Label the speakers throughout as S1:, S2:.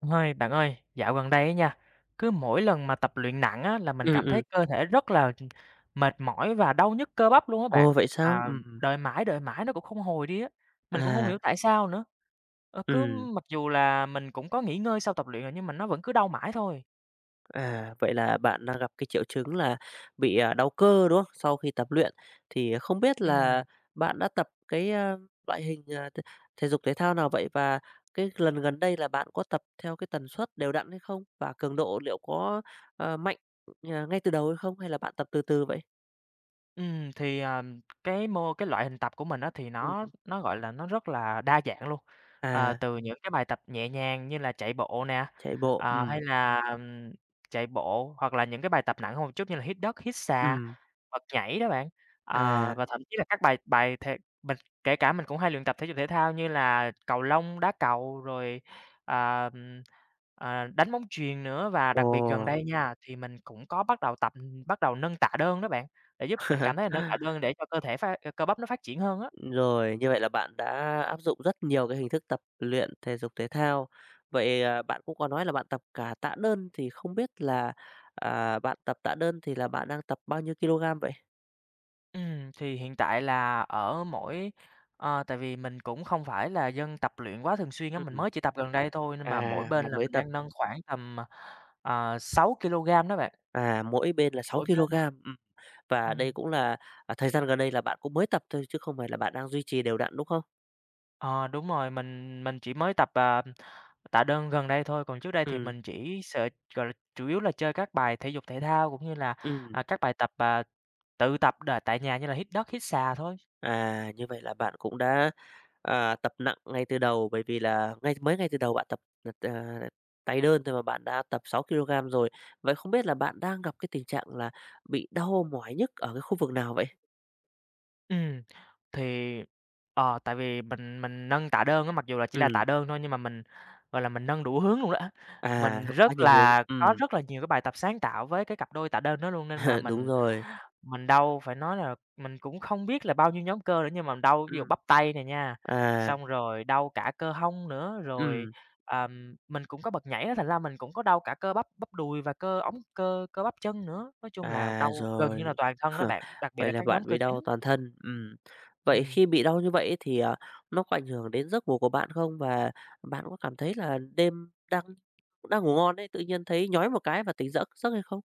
S1: Ơi, bạn ơi, dạo gần đây á nha, cứ mỗi lần mà tập luyện nặng á, là mình
S2: Ừm,
S1: cảm thấy
S2: ừm.
S1: cơ thể rất là, tr mệt mỏi và đau nhức cơ bắp luôn á bạn.
S2: Ồ! Vậy sao?
S1: À,
S2: Ừm.
S1: đợi mãi, đợi mãi nó cũng không hồi đi á, mình cũng hông
S2: À!
S1: hiểu tại sao nữa. Ờ, cứ
S2: Ừm.
S1: mặc dù là mình cũng có nghỉ ngơi sau tập luyện rồi nhưng mà nó vẫn cứ đau mãi thôi.
S2: À! Vậy là bạn đang gặp cái triệu chứng là bị đau cơ, đúng không, sau khi tập luyện? Thì không biết
S1: Ừm.
S2: là bạn đã tập cái, à, loại hình, à, t thể dục thể thao nào vậy? Và cái lần gần đây là bạn có tập theo cái tần suất đều đặn hay không? Và cường độ liệu có, ơ, mạnh ngay từ đầu hay không hay là bạn tập từ từ vậy?
S1: Ừm, thì, ờ, cái mô cái loại hình tập của mình á thì nó
S2: Ừm.
S1: nó, gọi là, nó rất là đa dạng luôn, à,
S2: À!
S1: từ những cái bài tập nhẹ nhàng như là chạy bộ nè,
S2: Chạy bộ,
S1: à, hay
S2: ừm.
S1: là chạy bộ hoặc là những cái bài tập nặng hơn một chút như là hít đất, hít xà,
S2: Ừm.
S1: hoặc nhảy đó bạn, à
S2: À!
S1: và thậm chí là các bài bài thê bật kể cả mình cũng hay luyện tập thể dục thể thao như là cầu lông, đá cầu, rồi, à, ờ, đánh bóng chuyền nữa. Và đặc biệt gần
S2: Ồ!
S1: đây nha, thì mình cũng có bắt đầu tập bắt đầu nâng tạ đơn đó bạn, để giúp mình cảm thấy là nâng tạ đơn để cho cơ thể phát cơ bắp nó phát triển hơn á.
S2: Rồi, như vậy là bạn đã áp dụng rất nhiều cái hình thức tập luyện thể dục thể thao. Vậy, à, bạn cũng có nói là bạn tập cả tạ đơn, thì không biết là, ờ, bạn tập tạ đơn thì là bạn đang tập bao nhiêu ki-lô-gam vậy?
S1: Ừm, thì hiện tại là ở mỗi ờ, tại vì mình cũng không phải là dân tập luyện quá thường xuyên á, mình
S2: Ừm.
S1: mới chỉ tập gần đây thôi, nhưng mà mỗi
S2: À,
S1: bên
S2: bạn
S1: là
S2: mới
S1: mình
S2: tập.
S1: đang nâng khoảng tầm, à, à, 6 kilôgam đó bạn.
S2: À, mỗi bên là 6
S1: Mỗi bên.
S2: kilôgam, ừm. Và
S1: Ừm.
S2: đây cũng là à, thời gian gần đây là bạn cũng mới tập thôi chứ không phải là bạn đang duy trì đều đặn, đúng không?
S1: Ờ, đúng rồi, mình mình chỉ mới tập, ờm, tạ đơn gần đây thôi, còn trước đây thì
S2: Ừm.
S1: mình chỉ sệt gọi là, chủ yếu là chơi các bài thể dục thể thao cũng như là,
S2: Ừm.
S1: à, các bài tập, à, tự tập đà tại nhà như là hít đất, hít xà thôi.
S2: À, như vậy là bạn cũng đã, ờ, tập nặng ngay từ đầu, bởi vì là ngay mới ngay từ đầu bạn tập tập, à, tay đơn thôi mà bạn đã tập 6 kilôgam rồi. Vậy không biết là bạn đang gặp cái tình trạng là bị đau mỏi nhức ở cái khu vực nào vậy?
S1: Ừm, thì, ờ, tại vì mình mình nâng tạ đơn á, mặc dù chỉ là tạ
S2: Ừm.
S1: đơn thôi nhưng mà mình, gọi là, mình nâng đủ hướng luôn đó.
S2: À,
S1: Mình
S2: theo
S1: rất
S2: quá nhiều hướng,
S1: là
S2: ừm.
S1: có rất là nhiều cái bài tập sáng tạo với cái cặp đôi tạ đơn đó luôn nên mà
S2: Đúng
S1: mình
S2: rồi.
S1: mình đau. Phải nói là mình cũng không biết là bao nhiêu nhóm cơ nữa nhưng mà đau ví dụ
S2: Ừm.
S1: bắp tay nè nha,
S2: À.
S1: xong rồi đau cả cơ hông nữa, rồi,
S2: Ừm.
S1: ờm, mình cũng có bật nhảy á, thành ra mình cũng có đau cả cơ bắp, bắp đùi và cơ ống, cơ cơ bắp chân nữa. Nói chung là
S2: À,
S1: đau gần như là
S2: rồi.
S1: toàn thân đó bạn, đặc biệt
S2: Vậy
S1: là
S2: là
S1: các
S2: bạn
S1: nhóm cơ
S2: bị đau
S1: chính.
S2: toàn thân, ừm. Vậy
S1: Ừm.
S2: khi bị đau như vậy ấy thì, à, nó có ảnh hưởng đến giấc ngủ của bạn không và bạn có cảm thấy là đêm đang đang ngủ ngon ấy, tự nhiên thấy nhói một cái và tỉnh giấc giấc hay không?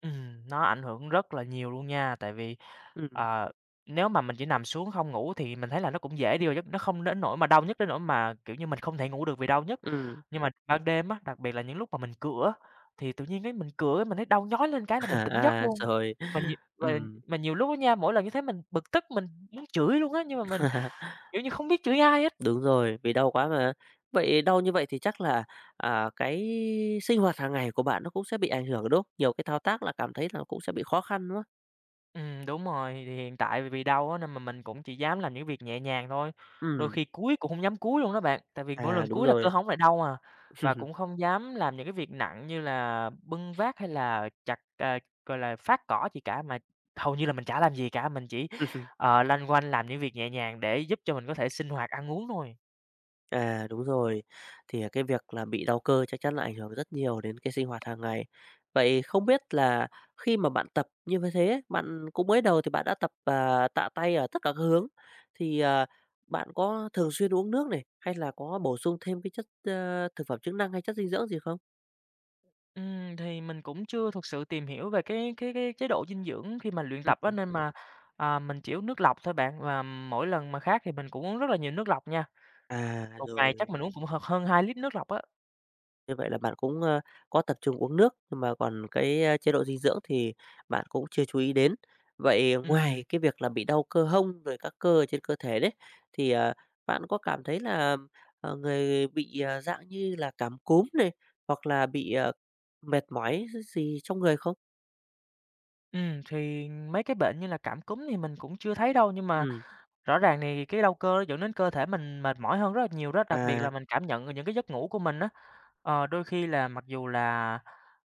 S1: Ừm, nó ảnh hưởng rất là nhiều luôn nha, tại vì,
S2: Ừm.
S1: ờ, nếu mà mình chỉ nằm xuống không ngủ thì mình thấy là nó cũng dễ đi vào giấc, nó không đến nỗi mà đau nhức đến nỗi mà, kiểu như, mình không thể ngủ được vì đau nhức.
S2: Ừm.
S1: Nhưng mà ban đêm á, đặc biệt là những lúc mà mình cựa á, thì tự nhiên cái mình cựa cái mình thấy đau nhói lên một cái
S2: À,
S1: là mình tỉnh giấc
S2: à,
S1: luôn.
S2: rồi,
S1: Mà nhiều và
S2: ừm.
S1: mà nhiều lúc á nha, mỗi lần như thế mình bực tức mình muốn chửi luôn á, nhưng mà mình, kiểu như, không biết chửi ai hết.
S2: Đúng rồi, vì đau quá mà. Vậy đau như vậy thì chắc là, à, cái sinh hoạt hàng ngày của bạn nó cũng sẽ bị ảnh hưởng, đúng không? Nhiều cái thao tác là cảm thấy là nó cũng sẽ bị khó khăn, đúng không?
S1: Ừm, đúng rồi, thì hiện tại vì đau á nên mà mình cũng chỉ dám làm những việc nhẹ nhàng thôi. Đôi
S2: Ừm.
S1: khi cúi cũng hông dám cúi luôn á bạn, tại vì mỗi lần
S2: À! Đúng
S1: cúi là cơ
S2: rồi.
S1: hông nó lại đau à, và cũng không dám làm những cái việc nặng như là bưng vác hay là chặt, à, gọi là, phát cỏ gì cả, mà hầu như là mình chả làm gì cả, mình chỉ, à, loanh quanh làm những việc nhẹ nhàng để giúp cho mình có thể sinh hoạt ăn uống thôi.
S2: À! Đúng rồi, thì cái việc là bị đau cơ chắc chắn là ảnh hưởng rất nhiều đến cái sinh hoạt hàng ngày. Vậy không biết là khi mà bạn tập như v thế ấy, bạn cũng mới đầu thì bạn đã tập, ờ, tạ tay ở tất cả các hướng thì, ờ, bạn có thường xuyên uống nước này, hay là có bổ sung thêm cái chất, ờ, thực phẩm chức năng hay chất dinh dưỡng gì không?
S1: Ừm, thì mình cũng chưa thực sự tìm hiểu về cái cái cái chế độ dinh dưỡng khi mà luyện
S2: Ừ
S1: tập á,
S2: hứ.
S1: nên mà, à, mình chỉ uống nước lọc thôi bạn và mỗi lần mà khát thì mình cũng uống rất là nhiều nước lọc nha.
S2: À!
S1: Một ngày chắc
S2: Rồi.
S1: mình uống cũng h hơn 2 lít nước lọc á.
S2: Như vậy là bạn cũng, a, có tập trung uống nước nhưng mà còn cái, a, chế độ dinh dưỡng thì bạn cũng chưa chú ý đến. Vậy
S1: Ừm.
S2: ngoài cái việc là bị đau cơ hông rồi các cơ ở trên cơ thể đấy, thì, ờ, bạn có cảm thấy là, ờ, người bị, à, dạng như là cảm cúm này hoặc là bị, ờ, mệt mỏi gi gì trong người không?
S1: Ừm, thì mấy cái bệnh như là cảm cúm thì mình cũng chưa thấy đâu, nhưng mà
S2: Ừm.
S1: rõ ràng thì cái đau cơ dẫn đến cơ thể mình mệt mỏi hơn rất là nhiều đó, đặc biệt là
S2: À!
S1: mình cảm nhận những cái giấc ngủ của mình á, ờ, đôi khi là, mặc dù là,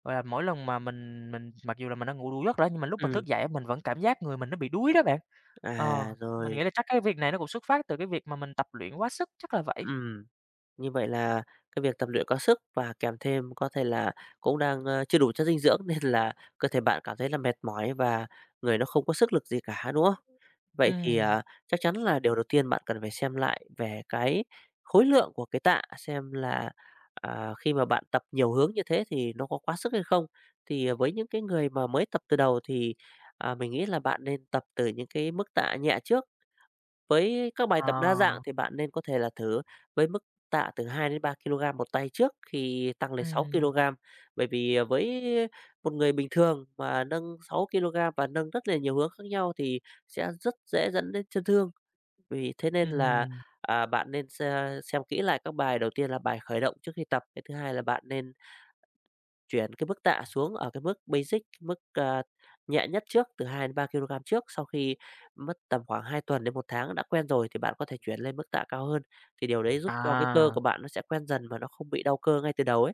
S1: gọi là, mỗi lần mà mình mình mặc dù là mình đã ngủ đủ giấc rồi á, nhưng mà lúc mình
S2: Ừm.
S1: thức dậy á, mình vẫn cảm giác người mình nó bị đuối đó bạn. Ờ,
S2: À!
S1: mình nghĩ
S2: Rồi.
S1: là chắc cái việc này nó cũng xuất phát từ cái việc mà mình tập luyện quá sức. Chắc là vậy.
S2: Ừm. Như vậy là cái việc tập luyện quá sức và kèm thêm có thể là cũng đang, ơ, chưa đủ chất dinh dưỡng nên là cơ thể bạn cảm thấy là mệt mỏi và người nó không có sức lực gì cả, đúng không? Vậy thì,
S1: Ừm.
S2: à, chắc chắn là điều đầu tiên bạn cần phải xem lại về cái khối lượng của cái tạ, xem là, ờ, khi mà bạn tập nhiều hướng như thế thì nó có quá sức hay không? Thì, ờ, với những cái người mà mới tập từ đầu thì, ờ, mình nghĩ là bạn nên tập từ những cái mức tạ nhẹ trước với các bài tập đa dạng
S1: Ờ.
S2: thì bạn nên có thể là thử với mức tạ từ 2 đến 3 kilogram một tay trước khi tăng lên 6
S1: Ừm.
S2: kilogram. Bởi vì, ờ, với một người bình thường mà nâng 6 kilogram và nâng rất là nhiều hướng khác nhau thì sẽ rất dễ dẫn đến chấn thương. Vì thế nên là,
S1: Ừm.
S2: ờ, bạn nên xe xem kỹ lại các bài đầu tiên là bài khởi động trước khi tập, cái thứ hai là bạn nên chuyển cái mức tạ xuống ở cái mức basic, mức, ơ, nhẹ nhất trước từ 2 đến 3 kilogram trước, sau khi mất tầm khoảng 2 tuần đến 1 tháng, nó đã quen rồi thì bạn có thể chuyển lên mức tạ cao hơn, thì điều đấy giúp cho cái cơ
S1: À!
S2: của bạn nó sẽ quen dần và nó không bị đau cơ ngay từ đầu ấy.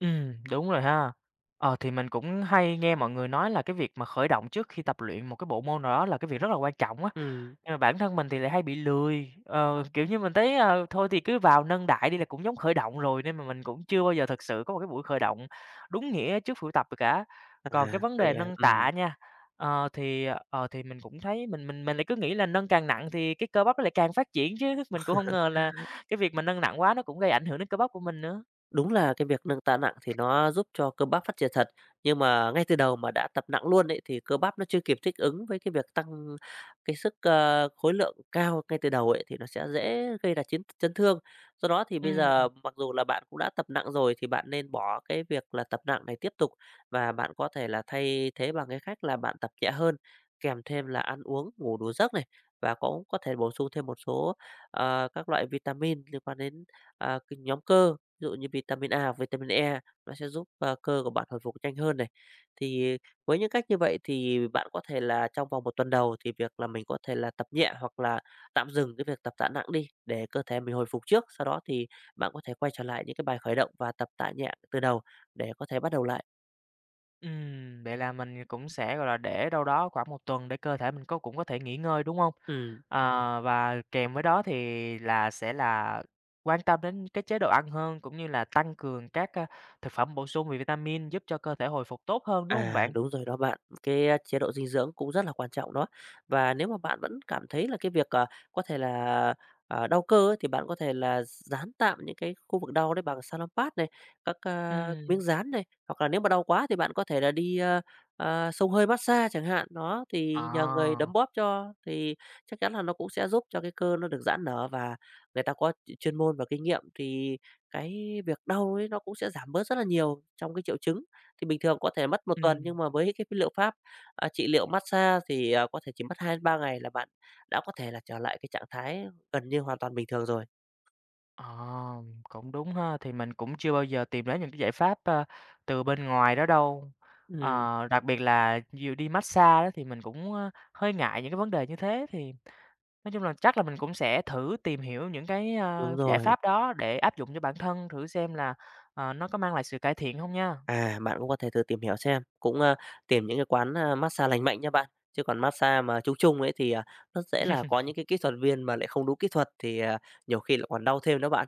S1: Ừm, đúng rồi ha. Ờ, thì mình cũng hay nghe mọi người nói là cái việc mà khởi động trước khi tập luyện một cái bộ môn nào đó là cái việc rất là quan trọng á.
S2: Ừm.
S1: Nhưng mà bản thân mình thì lại hay bị lười, ờ, kiểu như mình thấy, ờ, thôi thì cứ vào nâng đại đi là cũng giống khởi động rồi, nên mà mình cũng chưa bao giờ thực sự có một cái buổi khởi động đúng nghĩa trước buổi tập được cả. Còn cái
S2: À!
S1: vấn đề
S2: Vậy à,
S1: nâng
S2: ừm.
S1: tạ nha, ờ, thì, ờ, thì mình cũng thấy mình mình mình lại cứ nghĩ là nâng càng nặng thì cái cơ bắp nó lại càng phát triển, chứ mình cũng hông ngờ là cái việc mà nâng nặng quá nó cũng gây ảnh hưởng đến cơ bắp của mình nữa.
S2: Đúng là cái việc nâng ta nặng thì nó giúp cho cơ bắp phát triển thật, nhưng mà ngay từ đầu mà đã tập nặng luôn ấy thì cơ bắp nó chưa kịp thích ứng với cái việc tăng cái sức, ờ, khối lượng cao ngay từ đầu ấy, thì nó sẽ dễ gây ra chiến th chấn thương. Do đó thì bây
S1: Ừm.
S2: giờ mặc dù là bạn cũng đã tập nặng rồi thì bạn nên bỏ cái việc là tập nặng này tiếp tục, và bạn có thể là thay thế bằng cái cách là bạn tập nhẹ hơn, kèm thêm là ăn uống, ngủ đủ giấc này và cũng có thể bổ sung thêm một số, ờ, các loại vitamin liên quan đến, ờ, các nhóm cơ, ví dụ như vitamin A, hoặc vitamin E, nó sẽ giúp cơ của bạn hồi phục nhanh hơn này. Thì với những cách như vậy thì bạn có thể là trong vòng 1 tuần đầu thì việc là mình có thể là tập nhẹ, hoặc là tạm dừng cái việc tập tạ nặng đi để cơ thể mình hồi phục trước, sau đó thì bạn có thể quay trở lại những cái bài khởi động và tập tạ nhẹ từ đầu để có thể bắt đầu lại.
S1: Ừm, vậy là mình cũng sẽ, gọi là, để đâu đó khoảng một tuần để cơ thể mình có cũng có thể nghỉ ngơi, đúng hông?
S2: Ừm.
S1: Ờ, và kèm với đó thì là sẽ là quan tâm đến cái chế độ ăn hơn, cũng như là tăng cường các, a, thực phẩm bổ sung về vitamin giúp cho cơ thể hồi phục tốt hơn, đúng hông
S2: À,
S1: bạn?
S2: đúng rồi đó bạn. Cái chế độ dinh dưỡng cũng rất là quan trọng đó. Và nếu mà bạn vẫn cảm thấy là cái việc, ờ, có thể là, ờ, đau cơ ấy thì bạn có thể là dán tạm những cái khu vực đau đấy bằng Salonpas này, các, ờ, miếng
S1: Ừm.
S2: dán này, hoặc là nếu mà đau quá thì bạn có thể là đi, ờ, ờ, xông hơi mát-xa chẳng hạn, nó, thì nhờ người đấm
S1: À!
S2: bóp cho thì chắc chắn là nó cũng sẽ giúp cho cái cơ nó được giãn nở và người ta có ch chuyên môn và kinh nghiệm, thì cái việc đau ấy nó cũng sẽ giảm bớt rất là nhiều trong cái triệu chứng. Thì bình thường có thể mất 1 tuần
S1: Ừm.
S2: nhưng mà với cái liệu pháp, ờ, trị liệu mát-xa thì, à, có thể chỉ mất 2 đến 3 ngày là bạn đã có thể trở lại cái trạng thái gần như hoàn toàn bình thường rồi.
S1: À, cũng đúng ha, thì mình cũng chưa bao giờ tìm đến những cái giải pháp, a, từ bên ngoài đó đâu.
S2: Ừm.
S1: Ờ, đặc biệt là dù đi mát-xa á thì mình cũng, a, hơi ngại những cái vấn đề như thế. Thì nói chung là chắc là mình cũng sẽ thử tìm hiểu những cái, a,
S2: Đúng
S1: giải
S2: rồi.
S1: pháp đó để áp dụng cho bản thân, thử xem là, ờ, nó có mang lại sự cải thiện hông nha.
S2: À, bạn cũng có thể thử tìm hiểu xem, cũng, ờ, tìm những cái quán, a, mát-xa lành mạnh nha bạn, chứ còn mát-xa mà chung chung ấy thì, à, rất dễ là có những cái kỹ thuật viên mà lại không đúng kỹ thuật thì, à, nhiều khi lại còn đau thêm nữa bạn.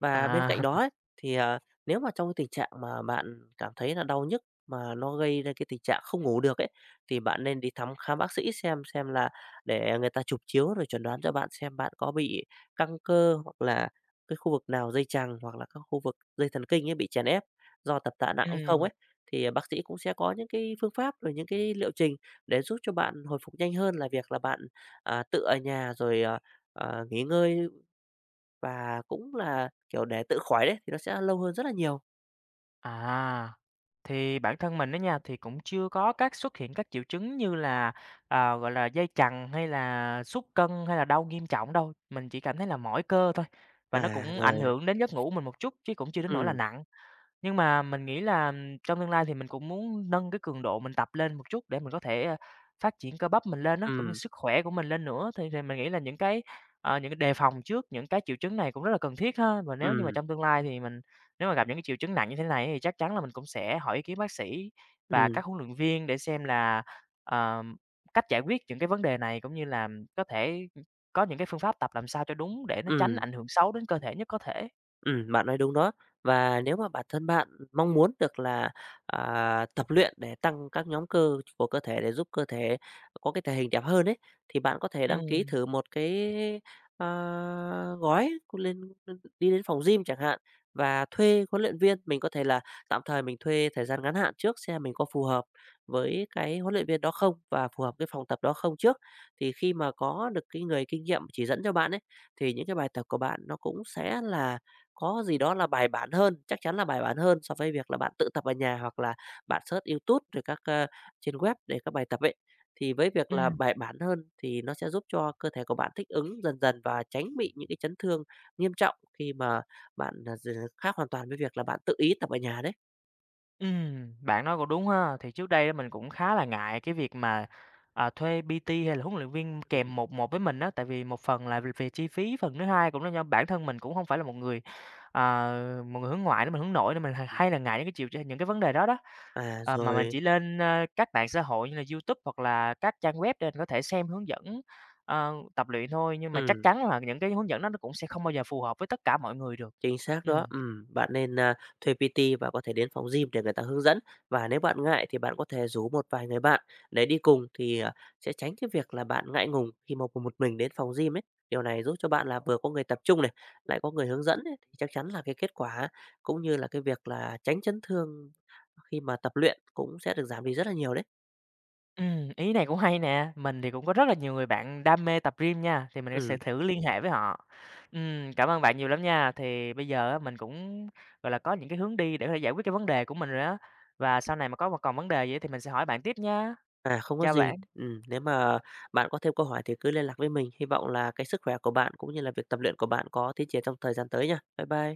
S2: Và bên cạnh
S1: À.
S2: đó ấy, thì, à, nếu mà trong cái tình trạng mà bạn cảm thấy là đau nhức, mà nó gây ra cái tình trạng không ngủ được ấy, thì bạn nên đi thăm khám bác sĩ xem xem là để người ta chụp chiếu rồi chuẩn đoán cho bạn xem bạn có bị căng cơ, hoặc là cái khu vực nào dây chằng, hoặc là các khu vực dây thần kinh ấy bị chèn ép do tập tạ nặng hay không
S1: Ừm.
S2: ấy. Thì bác sĩ cũng sẽ có những cái phương pháp, rồi những cái liệu trình để giúp cho bạn hồi phục nhanh hơn là việc là bạn, ờ, tự ở nhà rồi, à, à, nghỉ ngơi và cũng là, kiểu, để tự khỏi đấy, thì nó sẽ lâu hơn rất là nhiều.
S1: À! Thì bản thân mình đó nha, thì cũng chưa có các xuất hiện các triệu chứng như là, à, gọi là, dây chằng hay là sút cân hay là đau nghiêm trọng đâu, mình chỉ cảm thấy là mỏi cơ thôi, và nó
S2: À!
S1: cũng ảnh
S2: Rồi.
S1: hưởng đến giấc ngủ của mình một chút chứ cũng chưa đến nỗi là
S2: Ừm.
S1: nặng. Nhưng mà mình nghĩ là, trong tương lai thì mình cũng muốn nâng cái cường độ mình tập lên một chút để mình có thể phát triển cơ bắp mình lên á, cũng như
S2: Ừm.
S1: sức khỏe của mình lên nữa thì mình nghĩ là những cái, ờ, những cái đề phòng trước những cái triệu chứng này cũng rất là cần thiết ha. Và nếu như mà
S2: Ừm.
S1: trong tương lai thì mình, nếu mà gặp những cái triệu chứng nặng như thế này thì chắc chắn là mình cũng sẽ hỏi ý kiến bác sĩ và
S2: Ừm.
S1: các huấn luyện viên để xem là, ờ, cách giải quyết những cái vấn đề này cũng như làm có thể có những cái phương pháp tập làm sao cho đúng để nó tránh
S2: Ừm.
S1: ảnh hưởng xấu đến cơ thể nhất có thể.
S2: Ừm, bạn nói đúng đó. Và nếu mà bản thân bạn mong muốn được là, à, tập luyện để tăng các nhóm cơ của cơ thể để giúp cơ thể có cái thể hình đẹp hơn ấy, thì bạn có thể đăng ký
S1: Ừm.
S2: thử một cái, ờ, gói lên đi đến phòng gym chẳng hạn và thuê huấn luyện viên, mình có thể là, tạm thời mình thuê thời gian ngắn hạn trước xem mình có phù hợp với cái huấn luyện viên đó không và phù hợp với phòng tập đó không trước. Thì khi mà có được cái người kinh nghiệm chỉ dẫn cho bạn ấy, thì những cái bài tập của bạn nó cũng sẽ là có gì đó là bài bản hơn, chắc chắn là bài bản hơn so với việc là bạn tự tập ở nhà hoặc là bạn search Youtube rồi các ờ, trên web để các bài tập ấy. Thì với việc là
S1: Ừm.
S2: bài bản hơn thì nó sẽ giúp cho cơ thể của bạn thích ứng dần dần và tránh bị những cái chấn thương nghiêm trọng khi mà bạn gi khác hoàn toàn với việc là bạn tự ý tập ở nhà đấy.
S1: Ừm, bạn nói cũng đúng ha. Thì trước đây mình cũng khá là ngại cái việc mà, ờ, thuê PT hay là huấn luyện viên kèm 1-1 với mình á, tại vì một phần là v về chi phí, phần thứ hai cũng là do bản thân mình cũng hông phải là một người, ờ, một người hướng ngoại nữa. Mình hướng nội nên mình h hay là ngại những cái triệu ch những cái vấn đề đó đó.
S2: À!
S1: Ờ, mà mình
S2: Rồi.
S1: chỉ lên ờ, các mạng xã hội như là YouTube hoặc là các trang web để mình có thể xem hướng dẫn, ờ, tập luyện thôi, nhưng mà chắc
S2: Ừm.
S1: chắn là những cái hướng dẫn đó nó cũng sẽ không bao giờ phù hợp với tất cả mọi người được.
S2: Chính xác
S1: Ừm.
S2: đó, ừm, bạn nên, ờ, thuê PT và có thể đến phòng gym để người ta hướng dẫn, và nếu bạn ngại thì bạn có thể rủ một vài người bạn để đi cùng thì, ờ, sẽ tránh cái việc là bạn ngại ngùng khi mà cùng một mình đến phòng gym ấy. Điều này giúp cho bạn là vừa có người tập chung này, lại có người hướng dẫn ấy, thì chắc chắn là cái kết quả cũng như là cái việc là tránh chấn thương khi mà tập luyện cũng sẽ được giảm đi rất là nhiều đấy.
S1: Ừm, ý này cũng hay nè, mình thì cũng có rất là nhiều người bạn đam mê tập gym nha, thì mình sẽ sẽ
S2: Ừm.
S1: thử liên hệ với họ. Ừm, cảm ơn bạn nhiều lắm nha, thì bây giờ mình cũng, gọi là, có những cái hướng đi để có thể giải quyết cái vấn đề của mình rồi đó, và sau này mà có mà còn vấn đề gì thì mình sẽ hỏi bạn tiếp nha!
S2: À! Không có
S1: Chào
S2: gì.
S1: bạn!
S2: Ừm, nếu mà bạn có thêm câu hỏi thì cứ liên lạc với mình, hy vọng là cái sức khỏe của bạn cũng như là việc tập luyện của bạn có tiến triển trong thời gian tới nha. Bye bye!